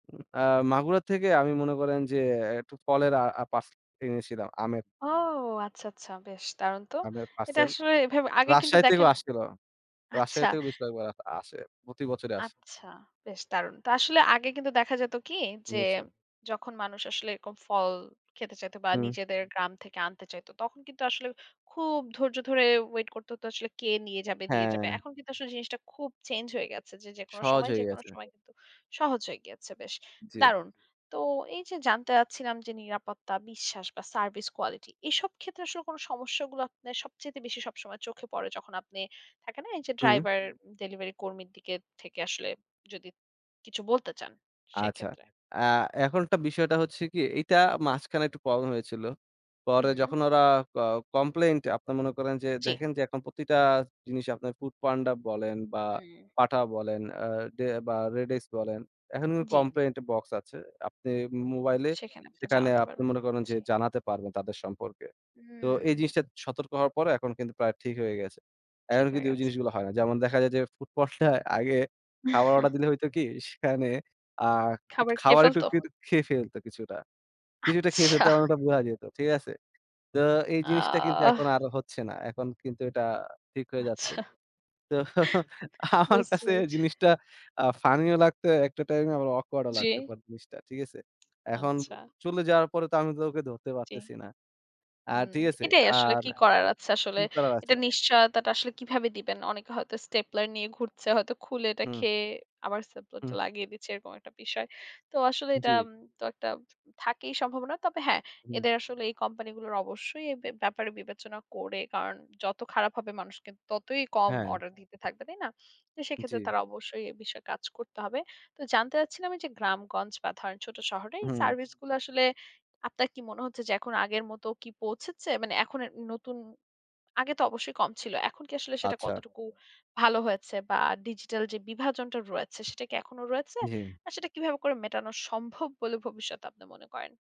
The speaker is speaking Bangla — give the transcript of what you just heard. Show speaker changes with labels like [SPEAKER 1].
[SPEAKER 1] উ এ্যাঁ মাগুরার থেকে আমি মনে করেন যে, একটু ফলের আ আ পাশ এনেছিলাম আমের।
[SPEAKER 2] ও আচ্ছা, আচ্ছা বেশ দারুণ তো।
[SPEAKER 1] আমের
[SPEAKER 2] এটা
[SPEAKER 1] পার্সেল,
[SPEAKER 2] আসলে এভেবে আগে কিন্তু
[SPEAKER 1] রাজশাহী থেকেও
[SPEAKER 2] দেখেন
[SPEAKER 1] আসছিলো। রাজশাহী
[SPEAKER 2] আচ্ছা।
[SPEAKER 1] থেকেও বেশ কয়েক বার আ আসে আরকি। প্রতি বছরে আসে।
[SPEAKER 2] আচ্ছা। বেশ দারুণ। তো আসলে আগে কিন্তু দেখা যেত কি, যে
[SPEAKER 1] নিয়েছো।
[SPEAKER 2] যখন মানুষ আসলে এরকম ফল খেতে চাইত বা
[SPEAKER 1] হুম।
[SPEAKER 2] নিজেদের গ্রাম থেকে আনতে চাইত। তখন কিন্তু আসলে খুব ধৈর্য ধরে ওয়েট করতে হত আসলে কে নিয়ে যাবে, দিয়ে যাবে।
[SPEAKER 1] হ্যাঁ।
[SPEAKER 2] এখন কিন্তু আসলে জিনিসটা খুব চেঞ্জ হয়ে গেছে। যে যেকোন
[SPEAKER 1] সহজ
[SPEAKER 2] সময়,
[SPEAKER 1] হয়ে
[SPEAKER 2] যেকোনো
[SPEAKER 1] গেছে।
[SPEAKER 2] সময় কিন্তু সহজ হয়ে গিয়েছে, বেশ
[SPEAKER 1] জি।
[SPEAKER 2] দারুণ। তো এই যে জানতে যাচ্ছিলাম যে নিরাপত্তা, বিশ্বাস বা সার্ভিস কোয়ালিটি এসব ক্ষেত্রে আসলে কোনো সমস্যাগুলো আপনার সবচাইতে বেশি সবসময় চোখে পড়ে যখন আপনি থাকে না এই যে
[SPEAKER 1] হুম।
[SPEAKER 2] ড্রাইভার ডেলিভারি কর্মীর দিকে থেকে আসলে যদি কিছু বলতে চান
[SPEAKER 1] আচ্ছা।
[SPEAKER 2] সেক্ষেত্রে।
[SPEAKER 1] এ্যাঁ এখন একটা বিষয়টা হচ্ছে কি এইটা মাঝখানে একটু প্রবলেম হয়েছিল। পরে
[SPEAKER 2] হুম।
[SPEAKER 1] যখন ওরা ক কমপ্লেইন্ট টা আপনারা মনে করেন যে
[SPEAKER 2] জ্বী।
[SPEAKER 1] দেখেন যে এখন প্রতিটা জিনিস আপনার foodpanda বলেন বা
[SPEAKER 2] হুম।
[SPEAKER 1] Pathao বলেন এ্যাঁ দে বা REDX বলেন। এখন
[SPEAKER 2] জ্বী।
[SPEAKER 1] কমপ্লেইন বক্স আছে। আপনি মোবাইলে,
[SPEAKER 2] সেখানে আপনে
[SPEAKER 1] সেখানে
[SPEAKER 2] জানাতে
[SPEAKER 1] আপনি
[SPEAKER 2] পারবেন।
[SPEAKER 1] মনে করেন যে
[SPEAKER 2] জ্বী।
[SPEAKER 1] জানাতে পারবেন তাদের সম্পর্কে। তো এই
[SPEAKER 2] হুম।
[SPEAKER 1] জিনিসটা সতর্ক হওয়ার পর এখন কিন্তু প্রায় ঠিক হয়ে গেছে। এখন
[SPEAKER 2] ঠিক হয়ে
[SPEAKER 1] কিন্তু ওই
[SPEAKER 2] গেছে।
[SPEAKER 1] জিনিসগুলো হয় না। যেমন দেখা যায় যে foodpanda-য় আগে খাবার অর্ডার দিলে হইতো কি সেখানে আ একটু
[SPEAKER 2] খাবার খেয়ে
[SPEAKER 1] খাবার একটু
[SPEAKER 2] ফেলতো?
[SPEAKER 1] কিন্তু খেয়ে ফেলত কিছুটা। কিছুটা খেয়ে ফেলত
[SPEAKER 2] আচ্ছা।
[SPEAKER 1] এবং ওটা বোঝা যেত। ঠিক আছে? তো এই জিনিসটা কিন্তু
[SPEAKER 2] আহ
[SPEAKER 1] এখন আরও হচ্ছে না। এখন কিন্তু এটা ঠিক হয়ে যাচ্ছে।
[SPEAKER 2] আচ্ছা।
[SPEAKER 1] তো আমার
[SPEAKER 2] বুঝতে
[SPEAKER 1] কাছে
[SPEAKER 2] পেরেছি।
[SPEAKER 1] জিনিসটা এ্যাঁ ফানি ও লাগতো একটা টাইমে আমার অকওয়ার্ড ও
[SPEAKER 2] জি।
[SPEAKER 1] লাগতো পরে জিনিসটা। ঠিক আছে? এখন
[SPEAKER 2] আচ্ছা।
[SPEAKER 1] চলে যাওয়ার পরে তো আমি তো ওকে ধরতে
[SPEAKER 2] জি।
[SPEAKER 1] পারতেছি না। আর
[SPEAKER 2] উম
[SPEAKER 1] ঠিক আছে?
[SPEAKER 2] এটাই আসলে
[SPEAKER 1] আর
[SPEAKER 2] কি করার আছে আসলে।
[SPEAKER 1] কি করার আছে?
[SPEAKER 2] এটা নিশ্চয়তাটা আসলে কীভাবে দিবেন। অনেকে হয়তো স্টেপলার নিয়ে ঘুরছে, হয়তো খুলে এটা
[SPEAKER 1] হুম।
[SPEAKER 2] খেয়ে, আবার
[SPEAKER 1] হুম।
[SPEAKER 2] স্টেপলারটা লাগিয়ে দিচ্ছে এরকম একটা বিষয়। তো আসলে এটা
[SPEAKER 1] জ্বী।
[SPEAKER 2] তো একটা থাকেই সম্ভাবনা। তবে হ্যাঁ,
[SPEAKER 1] হুম।
[SPEAKER 2] এদের আসলে এই কোম্পানিগুলোর অবশ্যই এ ব্যা ব্যাপারে বিবেচনা করে। কারণ যত খারাপ হবে মানুষ কিন্তু ততই কম
[SPEAKER 1] হ্যাঁ।
[SPEAKER 2] অর্ডার দিতে থাকবে, তাই না? তো সেক্ষেত্রে
[SPEAKER 1] জ্বী।
[SPEAKER 2] তারা অবশ্যই এ বিষয়ে কাজ করতে হবে। তো জানতে চাচ্ছিলাম এইযে গ্রামগঞ্জ বা ধরেন ছোট শহরে এই
[SPEAKER 1] হুম।
[SPEAKER 2] সার্ভিস গুলা আসলে আপনার কি মনে হচ্ছে যে এখন আগের মতো কি পৌঁছেছে? মানে এখন এর নতুন, আগে তো অবশ্যই কম ছিল। এখন কি আসলে সেটা
[SPEAKER 1] আচ্ছা।
[SPEAKER 2] কতটুকু ভালো হয়েছে বা ডিজিটাল যে বিভাজনটা রয়েছে সেটা কি এখনোও রয়েছে?
[SPEAKER 1] জী।
[SPEAKER 2] আর সেটা কীভাবে করে মেটানো সম্ভব বলে ভবিষ্যতে আপনে মনে করেন?